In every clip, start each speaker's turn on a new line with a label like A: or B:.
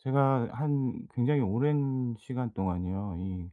A: 제가 한 굉장히 오랜 시간 동안이요. 이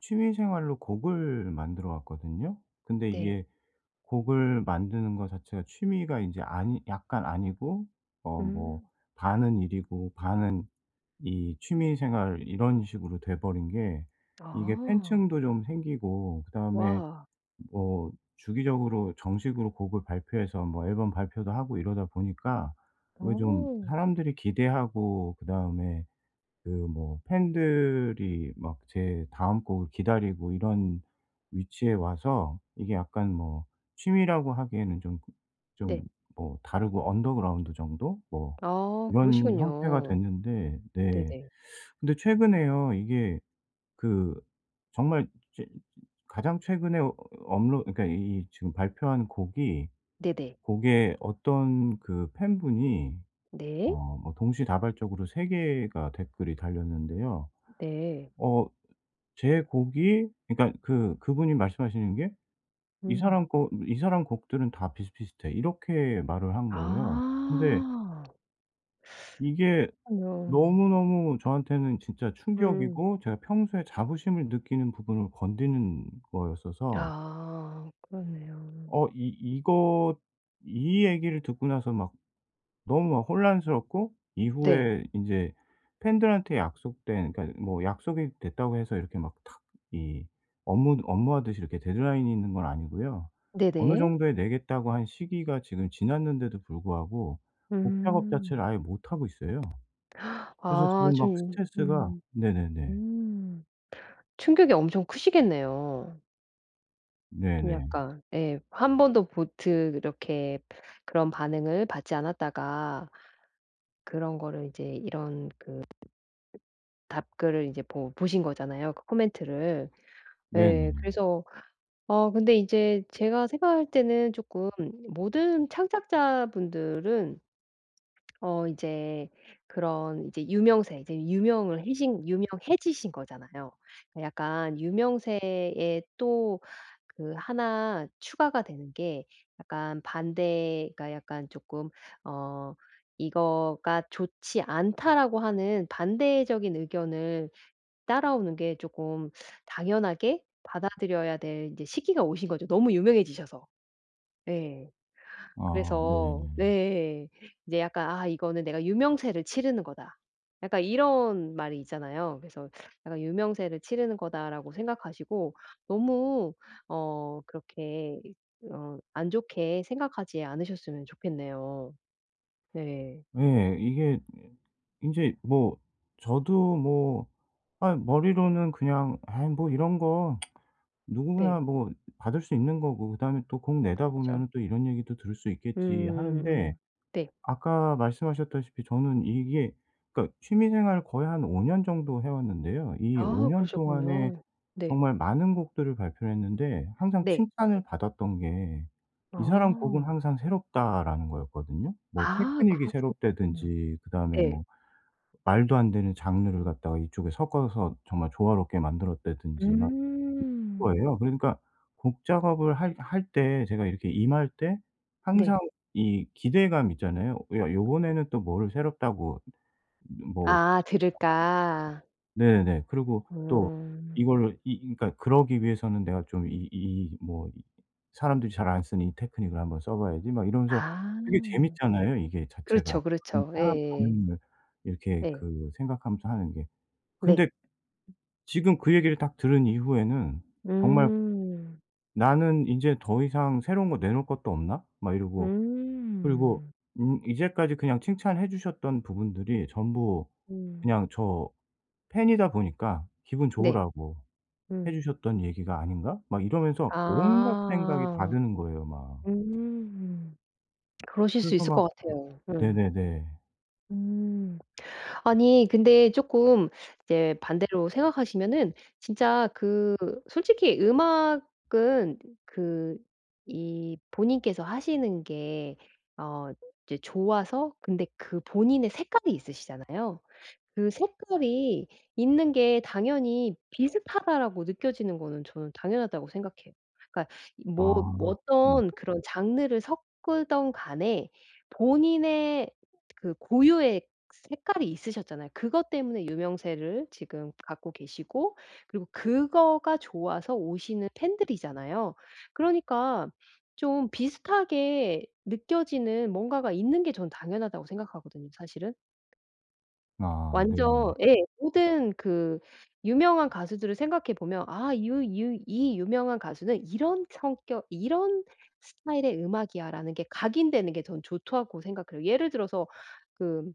A: 취미 생활로 곡을 만들어 왔거든요. 근데
B: 네.
A: 이게 곡을 만드는 거 자체가 취미가 인제 아니 약간 아니고 어 뭐
B: 음.
A: 반은 일이고 반은 이 취미 생활 이런 식으로 돼 버린 게 이게
B: 아.
A: 팬층도 좀 생기고 그다음에
B: 와.
A: 뭐 주기적으로 정식으로 곡을 발표해서 뭐 앨범 발표도 하고 이러다 보니까 어 좀
B: 오.
A: 사람들이 기대하고 그다음에 그 뭐 팬들이 막 제 다음 곡을 기다리고 이런 위치에 와서 이게 약간 뭐 취미라고 하기에는 좀 그 좀
B: 네.
A: 뭐 다르고 언더그라운드 정도 뭐
B: 아
A: 이런 형태가
B: 그러시군요.
A: 됐는데 네
B: 네네.
A: 근데 최근에요 이게 그 정말 제 가장 최근에 업로 그러니까 이 지금 발표한 곡이
B: 네네.
A: 곡에 어떤 그 팬 분이
B: 네.
A: 어 뭐 동시다발적으로 3 개가 댓글이 달렸는데요.
B: 네.
A: 어 제 곡이 그니까 그 그분이 말씀하시는 게 "이
B: 음.
A: 사람 거 이 사람 곡들은 다 비슷비슷해." 이렇게 말을 한 거예요. 근데
B: 아.
A: 이게
B: 그렇군요.
A: 너무너무 저한테는 진짜
B: 음.
A: 충격이고 제가 평소에 자부심을 느끼는 부분을 건드는 거였어서
B: 아 그러네요.
A: 어 이 이거 이 얘기를 듣고 나서 막 너무 막 혼란스럽고
B: 네.
A: 이후에 인제 팬들한테 약속된 그러니까 뭐 약속이 됐다고 해서 이렇게 막 탁 이 업무 업무하듯이 이렇게 데드라인이 있는 건 아니고요. 어느
B: 네네.
A: 정도에 내겠다고 한 시기가 지금 지났는데도 불구하고 곡 작업 자체를
B: 음.
A: 아예 못 하고 있어요. 그래서
B: 아
A: 지금 막
B: 좀
A: 스트레스가
B: 음.
A: 네네네.
B: 음 충격이 엄청 크시겠네요. 좀
A: 네네.
B: 약간 예. 한 번도 보트 이렇게 그런 반응을 받지 않았다가 그런 거를 이제 이런 그 답글을 이제 보 보신 거잖아요 그 코멘트를. 예.
A: 네네.
B: 그래서 어 근데 인제 제가 생각할 때는 조금 모든 창작자 분들은 어 인제 그런 이제 유명세 이제 유명을 해신 유명해지신 거잖아요. 그 약간 유명세에 또 그 1 추가가 되는 게 약간 반대가 약간 쪼끔 어 "이거가 좋지 않다."라고 하는 반대적인 의견을 따라오는 게 조금 당연하게 받아들여야 될 이제 시기가 오신 거죠 너무 유명해지셔서. 네.
A: 아
B: 그래서 네
A: 네네.
B: 예. 이제 약간 아 이거는 '내가 유명세를 치르는 거다.' 약간 이런 말이 있잖아요. 그래서 약간 '유명세를 치르는 거다.'라고 생각하시고 너무 어 그렇게 이 어 안 좋게 생각하지 않으셨으면 좋겠네요. 네.
A: 예. 이게 에 인제 뭐 저도 뭐 아이 머리로는 그냥 '아 뭐 이런 거 누구나
B: 네.
A: 뭐 받을 수 있는 거고 그다음에 또 곡 내다
B: 그쵸.
A: 보면은 또 이런 얘기도 들을 수 있겠지.' 하는데.
B: 음음음 네.
A: 아까 말씀하셨다시피 저는 이게 그러니까 취미 생활을 거의 한 5 년 정도 해 왔는데요. 이 5
B: 아
A: 년 동안에
B: 그러셨군요. 네.
A: 정말 많은 곡들을 발표를 했는데 항상
B: 네.
A: 칭찬을 받았던 게 "이 사람 곡은
B: 아.
A: 항상 새롭다."라는 거였거든요. 뭐
B: 아
A: 테크닉이
B: 그렇군요.
A: 새롭다든지 그다음에
B: 예.
A: 뭐 말도 안 되는 장르를 갖다가 이쪽에 섞어서 정말 조화롭게 만들었다든지 막 이런
B: 음.
A: 거예요. 그러니까 곡 작업을 할 할 때 제가 이렇게 임할 때 항상
B: 네.
A: 이 기대감이 있잖아요. '야 이번에는 또 뭐를 새롭다고 뭐'
B: 아 들을까.
A: [unintelligible] 네네. 그러고 또
B: 음.
A: 이걸 이 이 그니까 그러기 위해서는 내가 좀 이 이 뭐 이 '사람들이 잘 안 쓰는 이 테크닉을 한번 써 봐야지.' 막 이러면서
B: 아.
A: 되게 재밌잖아요 이게 자체가.
B: 그렇죠,
A: 다른
B: 그렇죠.
A: 사람
B: 예예.
A: 반응을 이렇게
B: 예.
A: 그 생각하면서 하는 게.
B: 네.
A: 근데 지금 그 얘기를 딱 들은 이후에는 정말
B: 음.
A: 나는 인제 더 이상 새로운 거 내놓을 것도 없나? 막 이러고. 그리고
B: 음.
A: 음 이제까지 그냥 칭찬해 주셨던 부분들이 전부
B: 음.
A: 그냥 저 팬이다 보니까 '기분
B: 네.
A: 좋으라고 해
B: 음.
A: 주셨던 얘기가 아닌가?' 막 이러면서 온갖 생각이 다
B: 아.
A: 드는 거예요 막.
B: 음. 그러실 수
A: 그래서
B: 있을
A: 막
B: 것 같아요. 음.
A: 네네네.
B: 음. 아니 근데 쪼끔 이제 반대로 생각하시면은 진짜 그 솔직히 음악은 그 이 본인께서 하시는 게 어 이제 좋아서 근데 그 본인의 색깔이 있으시잖아요. 그 색깔이 있는 게 당연히 '비슷하다.'라고 느껴지는 거는 저는 당연하다고 생각해요. 그러니까 이 뭐 뭐
A: 아. 음.
B: 어떤 그런 장르를 섞든 간에 본인의 그 고유의 색깔이 있으셨잖아요. 그것 때문에 유명세를 지금 갖고 계시고 그리고 그거가 좋아서 오시는 팬들이잖아요. 그러니까 좀 비슷하게 느껴지는 뭔가가 있는 게 전 '당연하다.'고 생각하거든요 사실은?
A: 아 네네.
B: 완전 예 모든 그 유명한 가수들을 생각해 보면 '아 유 유 이 유명한 가수는 이런 성격 이런 스타일의 음악이야.'라는 게 각인되는 게 저는 좋다고 생각해요. 예를 들어서 그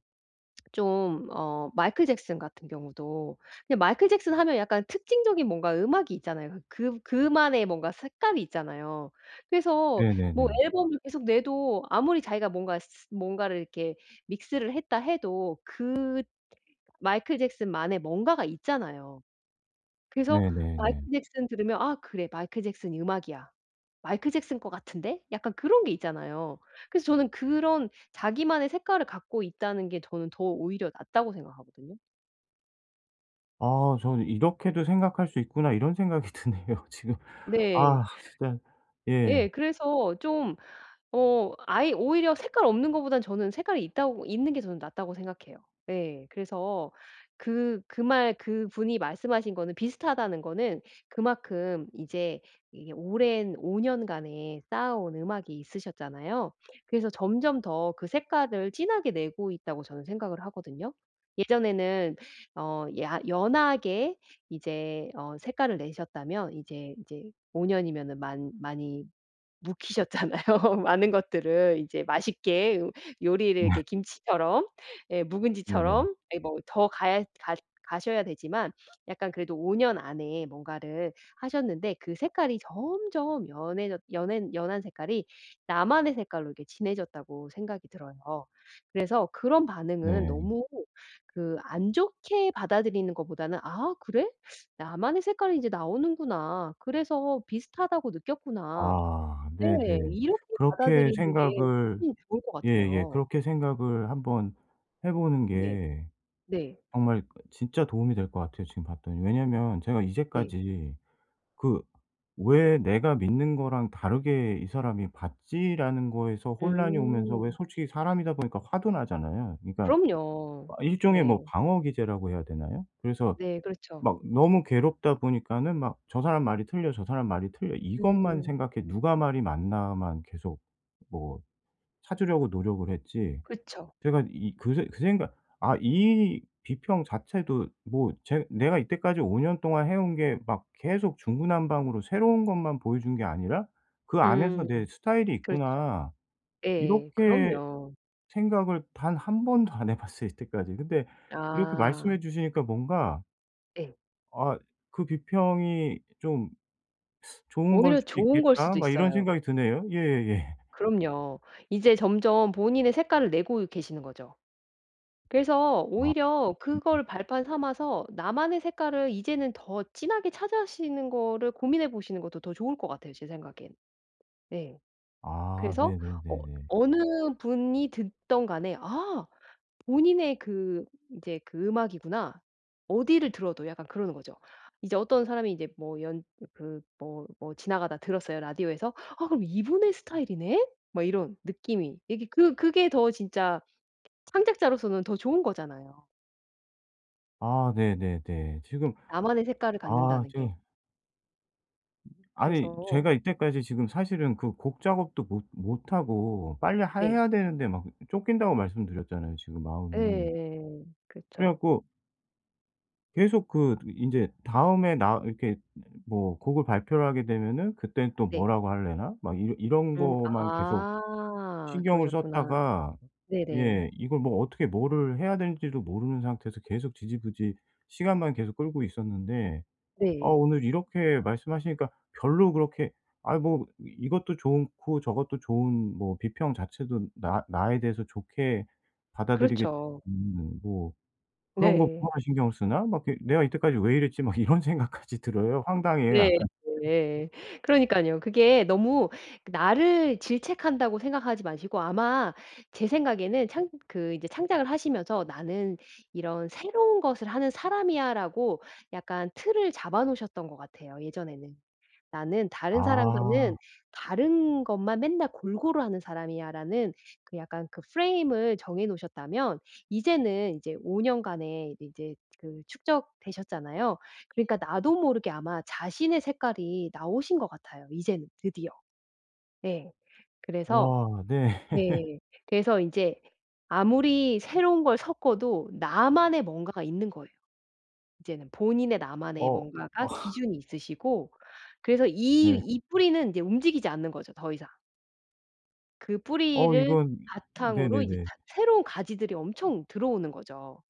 B: 좀 어 마이클 잭슨 같은 경우도 근데 마이클 잭슨 하면 약간 특징적인 뭔가 음악이 있잖아요. 그 그 그만의 뭔가 색감이 있잖아요. 그래서 뭐
A: 네네네.
B: 앨범을 계속 내도 아무리 자기가 뭔가 스 스 뭔가를 이렇게 믹스를 했다 해도 그 마이클 잭슨만의 뭔가가 있잖아요. 그래서 마이클
A: 네네네.
B: 잭슨 들으면 '아 그래. 마이클 잭슨이 음악이야. 마이클 잭슨 거 같은데?' 약간 그런 게 있잖아요. 그래서 저는 그런 자기만의 색깔을 갖고 있다는 게 저는 더 오히려 낫다고 생각하거든요.
A: 아 저는 '이렇게도 생각할 수 있구나.' 이런 생각이 드네요 지금.
B: 네.
A: 아 진짜 예.
B: 예 그래서 좀 어 아예 오히려 색깔 없는 거보다는 저는 색깔이 있다고 있는 게 저는 낫다고 생각해요. 예. 그래서 그 그 말 그분이 말씀하신 거는 비슷하다는 거는 그만큼 이제 이게 오랜 5 년간에 쌓아온 음악이 있으셨잖아요. 그래서 점점 더 그 색깔을 진하게 내고 있다고 저는 생각을 하거든요. 예전에는 어 야 연하게 이제 어 색깔을 내셨다면 이제 이제 5 년이면은 많 많이 묵히셨잖아요. 많은 것들을 이제 맛있게 요 요리를
A: 네.
B: 이렇게 김치처럼 예
A: 네네.
B: 묵은지처럼 네 뭐 더 가야 갓 가셔야 되지만 약간 그래도 5 년 안에 뭔가를 하셨는데 그 색깔이 점점 연해졌 연해 연한 색깔이 나만의 색깔로 이렇게 진해졌다고 생각이 들어요. 그래서 그런 반응은
A: 네.
B: 너무 그 안 좋게 받아들이는 거보다는 '아 그래? 나만의 색깔이 이제 나오는구나. 그래서 비슷하다고 느꼈구나.'
A: 아.
B: 네.
A: 네네.
B: 이렇게
A: 그렇게
B: 받아들이는 게
A: 생각을
B: 훨씬 좋을 것
A: 예예
B: 같아요.
A: 그렇게 생각을 한번 해 보는
B: 네.
A: 게
B: 네.
A: 정말 진짜 도움이 될 것 같아요 지금 봤더니. 왜냐면 제가
B: 네.
A: 이제까지 그 '왜 내가 믿는 거랑 다르게 이 사람이 봤지?'라는 거에서 혼란이 오면서 왜
B: 음.
A: 솔직히 사람이다 보니까 화도 나잖아요. 그니깐 아
B: 그럼요.
A: 일종의 뭐
B: 네.
A: 방어기제라고 해야 되나요? 그래서
B: 네, 그렇죠.
A: 막 너무 괴롭다 보니까는 막 '저 사람 말이 틀려, 저 사람 말이 틀려.' 이것만
B: 음.
A: 생각해 누가 말이 맞나만 계속 뭐 찾으려고 노력을 했지
B: 그쵸.
A: 제가 이 그 새 그 생각 아 이 비평 자체도 뭐 제 '내가 이때까지 5 년 동안 해 온 게 막 계속 중구난방으로 새로운 것만 보여준 게 아니라 그 안에서
B: 음.
A: 내 스타일이
B: 그렇죠.
A: 있구나.'
B: 예.
A: 이렇게
B: 그럼요.
A: 생각을 단 1 번도 안 해 봤어요 이때까지. 근데 이렇게
B: 아.
A: 말씀해 주시니까 뭔가
B: 예.
A: 아 '그 비평이 좀 좋은 거일
B: 오히려
A: 수도
B: 좋은 걸
A: 있겠다.'
B: 수도
A: 막 이런
B: 있어요.
A: 생각이 드네요. 예 예 예.
B: 그럼요. 이제 점점 본인의 색깔을 내고 계시는 거죠. 그래서
A: 아.
B: 오히려
A: [unintelligible]
B: 그걸 발판 삼아서 나만의 색깔을 이제는 더 진하게 찾아시는 거를 고민해 보시는 것도 더 좋을 것 같아요 제 생각엔. 예.
A: 아 네
B: 그래서
A: 네 네
B: 어
A: 네.
B: 어느 분이 듣든 간에 '아! 본인의 그 이제 그 음악이구나.' 어디를 들어도 약간 그러는 거죠. 이제 어떤 사람이 이제 뭐 연 그 뭐 뭐 지나가다 들었어요 라디오에서? '아 그럼 이분의 스타일이네?' 뭐 이런 느낌이 이게 그 그게 더 진짜 창작자로서는 더 좋은 거잖아요.
A: 아. 네 네 네. 지금
B: 나만의 색깔을
A: 아
B: 갖는다는 게
A: 지금 아니
B: 그래서
A: 제가 이때까지 지금 사실은 그 곡 작업도 못 못 하고 빨리 하
B: 네.
A: 해야 되는데 막 쫓긴다고 말씀드렸잖아요, 지금 마음이.
B: 예.
A: 그래
B: 그쵸.
A: 갖고 계속 그 드 인제 '다음에 나 이렇게 [unintelligible] 뭐 곡을 발표를 하게 되면은 그때는 또
B: 네.
A: 뭐라고 하려나?' 막 이런 이런
B: 음
A: 거만 계속
B: 아.
A: 신경을
B: 그러셨구나.
A: 썼다가
B: 네 네.
A: 예 이걸 뭐 어떻게 뭐를 해야 될지도 모르는 상태에서 계속 지지부진 시간만 계속 끌고 있었는데 아
B: 네.
A: 오늘 이렇게 말씀하시니까 별로 그렇게 '아이 뭐 이것도 좋은 고 저것도 좋은 뭐 비평 자체도 나 나에 대해서 좋게 받아들이겠
B: 그렇죠.
A: 음 뭐 그런 거
B: 네.
A: 뭐하러 신경을 쓰나? 막 이렇게 내가 이때까지 왜 이랬지?' 막 이런 생각까지 들어요. 황당해요
B: 네
A: 약간.
B: 네. 그러니깐요. 그게 너무 나를 질책한다고 생각하지 마시고 아마 제 생각에는 창 그 이제 창작을 하시면서 '나는 이런 새로운 것을 하는 사람이야.' 라고 약간 틀을 잡아 놓으셨던 것 같아요 예전에는. '나는 다른
A: 아.
B: 사람과는 다른 것만 맨날 골고루 하는 사람이야.' 라는 그 약간 그 프레임을 정해 놓으셨다면 이제는 이제 5 년간의 이제 그 축적되셨잖아요. 그러니까 나도 모르게 아마 자신의 색깔이 나오신 것 같아요 이제는 드디어. 예. 그래서
A: 와. 네.
B: ...네 그래서 이제 아무리 새로운 걸 섞어도 나만의 뭔가가 있는 거예요. 이제는 본인의 나만의
A: 어.
B: 뭔가가
A: 아.
B: 기준이 있으시고 그래서 이
A: 네.
B: 이 뿌리는 이제 움직이지 않는 거죠 더 이상. 그
A: 어
B: 뿌리를
A: 이건
B: 바탕으로 이제
A: 네네네.
B: 다 새로운 가지들이 엄청 들어오는 거죠.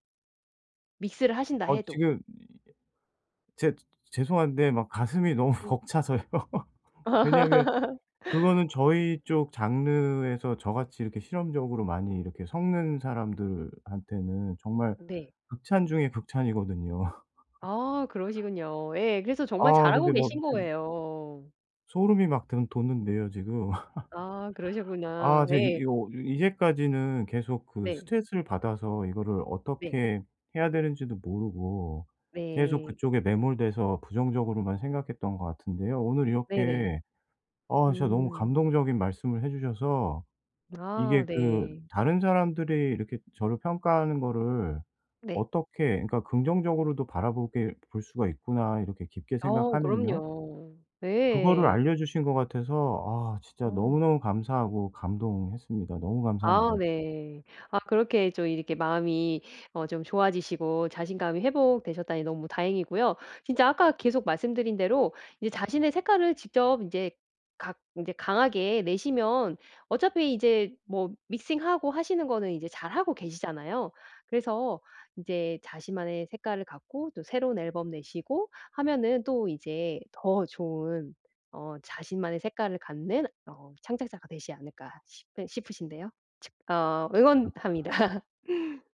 B: 믹스를 하신다
A: 어
B: 해도.
A: 지금 이 죄 죄송한데 막 가슴이 너무
B: 네.
A: 벅차서요. 왜냐하면 그거는 저희 쪽 장르에서 저같이 이렇게 실험적으로 많이 이렇게 섞는 사람들한테는 정말
B: 네.
A: 극찬 중의 극찬이거든요.
B: 아 그러시군요 예. 그래서 정말
A: 아
B: 잘하고
A: 근데 막
B: 계신
A: 지금
B: 거예요.
A: 소름이 막 드는 돋는데요 지금.
B: 아
A: 아
B: 그러시구나.
A: 제가 이
B: 예.
A: 이거 이제까지는 계속 그
B: 네.
A: 스트레스를 받아서 이거를
B: 네.
A: 어떻게 해야 되는지도 모르고 계속
B: 네.
A: 그쪽에 매몰돼서 부정적으로만 생각했던 것 같은데요. 오늘
B: 네네.
A: 이렇게 아 진짜 너무
B: 음.
A: 감동적인 말씀을 해 주셔서
B: 아
A: 이게 그
B: 네.
A: 다른 사람들이 이렇게 저를 평가하는 거를
B: 네.
A: 어떻게 그러니까 '긍정적으로도 바라보게 볼 수가 있구나.' 이렇게 깊게
B: 아
A: 생각하면요?
B: 그럼요.
A: 그거를
B: 예.
A: 알려 주신 것 같아서 아 진짜
B: 어.
A: 너무너무 감사하고 감동했습니다. 너무
B: 아
A: 감사합니다.
B: 네. 아 그렇게 좀 이렇게 마음이 어 좀 좋아지시고 자신감이 회복되셨다니 너무 다행이고요. 진짜 아까 계속 말씀드린 대로 이제 자신의 색깔을 직접 인제 각 이제 강하게 내시면 어차피 이제 뭐 믹싱하고 하시는 거는 이제 잘하고 계시잖아요. 그래서 인제 자신만의 색깔을 갖고 또 새로운 앨범 내시고 하면은 또 이제 더 좋은 어 '자신만의 색깔을 갖는 어 창작자가 되지 않을까?' 싶으 싶으신데요. 칙 어
A: [unintelligible]
B: 응원합니다.